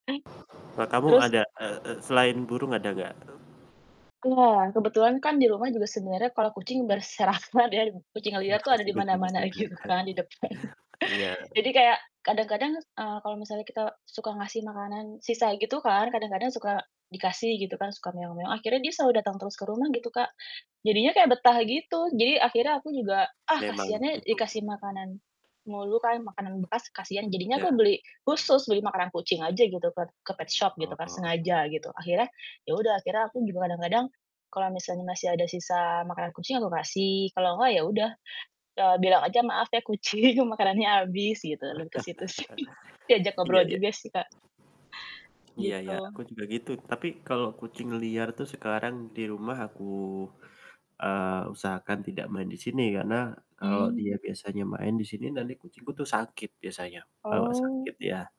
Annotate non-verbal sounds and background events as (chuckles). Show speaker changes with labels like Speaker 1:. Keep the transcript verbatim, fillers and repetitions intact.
Speaker 1: Eh,
Speaker 2: Eee, kamu
Speaker 1: terus
Speaker 2: ada, eee eee, selain burung ada nggak? E
Speaker 1: Iya, kebetulan kan di rumah juga sebenarnya kalau kucing berserakan ya, kucing liar tuh ada dimana-mana ajuh
Speaker 2: (unintelligible)
Speaker 1: kan di depan.
Speaker 2: Iya.
Speaker 1: Jadi kayak kadang-kadang, eee, kalau misalnya kita suka ngasih makanan sisa gitu kan kadang-kadang suka dikasih gitu kan suka akhirnya dia selalu datang terus ke rumah gitu Kak jadinya kayak betah gitu, jadi akhirnya aku juga ah
Speaker 2: Memang
Speaker 1: kasian, ya
Speaker 2: itu.
Speaker 1: dikasih makanan mulu kan, makanan bekas kasian jadinya aku
Speaker 2: Iya.
Speaker 1: beli khusus beli makanan kucing aja gitu ke ke petshop gitu kan
Speaker 2: Heeh.
Speaker 1: sengaja gitu, akhirnya ya udah akhirnya aku juga kadang-kadang kalau misalnya masih ada sisa makanan kucing aku kasih kalau nggak ya udah, eee, bilang aja, "Maaf ya kucing makanannya habis," gitu, lalu ke situ sih diajak
Speaker 2: (chuckles) iya
Speaker 1: ngobrol
Speaker 2: iya.
Speaker 1: juga sih Kak
Speaker 2: Iya iya, aku
Speaker 1: gitu.
Speaker 2: juga gitu tapi kalau kucing liar tuh sekarang di rumah aku, eee, usahakan tidak main di sini, karena kalau dia
Speaker 1: Mmm.
Speaker 2: biasanya main di sini nanti kucingku tuh sakit biasanya, bawa sakit,
Speaker 1: Oh.
Speaker 2: iya.